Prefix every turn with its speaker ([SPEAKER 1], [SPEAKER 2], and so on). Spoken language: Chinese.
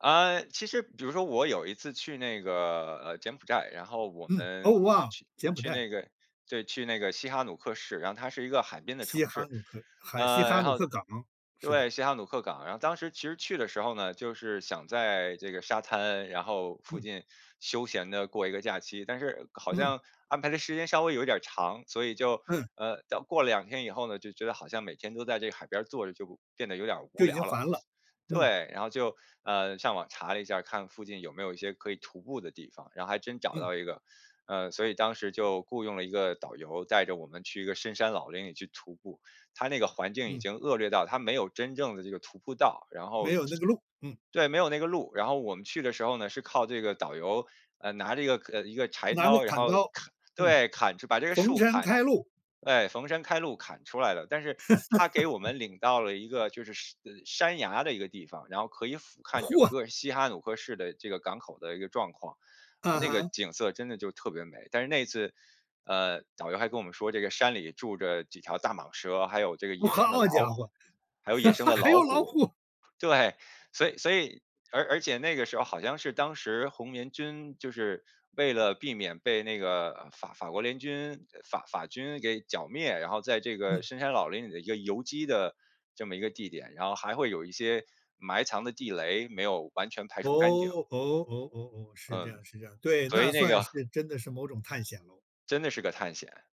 [SPEAKER 1] 啊，其实比如说我有一次去那个，呃，柬埔寨，然后我
[SPEAKER 2] 嗯，
[SPEAKER 1] 们
[SPEAKER 2] 哦哇，
[SPEAKER 1] 去
[SPEAKER 2] 柬埔
[SPEAKER 1] 去
[SPEAKER 2] 寨。
[SPEAKER 1] 那个对，去那个西哈努克市，然后它是一个海边的城
[SPEAKER 2] 西哈
[SPEAKER 1] 市。
[SPEAKER 2] 努克，哈西
[SPEAKER 1] 嗯，
[SPEAKER 2] 哈
[SPEAKER 1] 然
[SPEAKER 2] 努
[SPEAKER 1] 后
[SPEAKER 2] 克港，是的。
[SPEAKER 1] 对，西哈努克港。然后当时其实去的时候呢，就是想在这个沙滩，然后附
[SPEAKER 2] 嗯。
[SPEAKER 1] 近休闲地过一个假期。但是好
[SPEAKER 2] 嗯。
[SPEAKER 1] 像安排的时间稍微有点儿长，所以就，
[SPEAKER 2] 嗯。
[SPEAKER 1] 呃，到过了2天以后呢，就觉得好像每天都在这个海边儿坐着，就变得有点无
[SPEAKER 2] 就已经
[SPEAKER 1] 聊了，
[SPEAKER 2] 烦了，嗯。
[SPEAKER 1] 对。然后就，嗯，上网查了一下，看附近有没有一些可以徒步的地方，然后还真找
[SPEAKER 2] 嗯。
[SPEAKER 1] 到一个。呃，所以当时就雇佣了一个导游带着我们去一个深山老林里去徒步。它那个环境已
[SPEAKER 2] 嗯。
[SPEAKER 1] 经恶劣到，它没有真正的这个徒步道。然
[SPEAKER 2] 没
[SPEAKER 1] 后
[SPEAKER 2] 有那个路，嗯。
[SPEAKER 1] 对，没有那个路。然后我们去的时候呢是靠这个导游，呃，拿着一个一个柴
[SPEAKER 2] 拿个
[SPEAKER 1] 刀，然
[SPEAKER 2] 砍
[SPEAKER 1] 后
[SPEAKER 2] 刀，
[SPEAKER 1] 砍
[SPEAKER 2] 嗯，
[SPEAKER 1] 对，砍把这个
[SPEAKER 2] 逢
[SPEAKER 1] 树
[SPEAKER 2] 山
[SPEAKER 1] 砍
[SPEAKER 2] 开路。
[SPEAKER 1] 哎，逢山开路砍出来了。但是他给我 们领到了一个就是山山崖的一个地方，然后可以俯瞰整
[SPEAKER 2] 嚯。
[SPEAKER 1] 个西哈努克市的这个港口的一个状况。
[SPEAKER 2] 嗯
[SPEAKER 1] 那个
[SPEAKER 2] 哼。
[SPEAKER 1] 景色真的就特别美，但是那次，呃，导游还跟我们说：“这个山里住着几条大蟒蛇，还有这个
[SPEAKER 2] 哦，
[SPEAKER 1] 野生的
[SPEAKER 2] 好
[SPEAKER 1] 老
[SPEAKER 2] 家
[SPEAKER 1] 虎，
[SPEAKER 2] 伙，
[SPEAKER 1] 还有野生 的
[SPEAKER 2] 还
[SPEAKER 1] 老
[SPEAKER 2] 有老
[SPEAKER 1] 虎。”
[SPEAKER 2] 虎。
[SPEAKER 1] 对，所以所以，而而且那个时候好像是当时红棉军，就是为了避免被那个法法国联军法法军给剿灭，然后在这个
[SPEAKER 2] 嗯。
[SPEAKER 1] 深山老林里的一个游击的这么一个地点，然后还会有一些埋藏的地雷，没有完全排
[SPEAKER 2] 哦，
[SPEAKER 1] 除干净。
[SPEAKER 2] 哦，哦哦哦，是这
[SPEAKER 1] 嗯，
[SPEAKER 2] 样，是这样，对，
[SPEAKER 1] 所
[SPEAKER 2] 那
[SPEAKER 1] 以那
[SPEAKER 2] 算
[SPEAKER 1] 个
[SPEAKER 2] 是真的是某种探险喽。
[SPEAKER 1] 真的是个探险。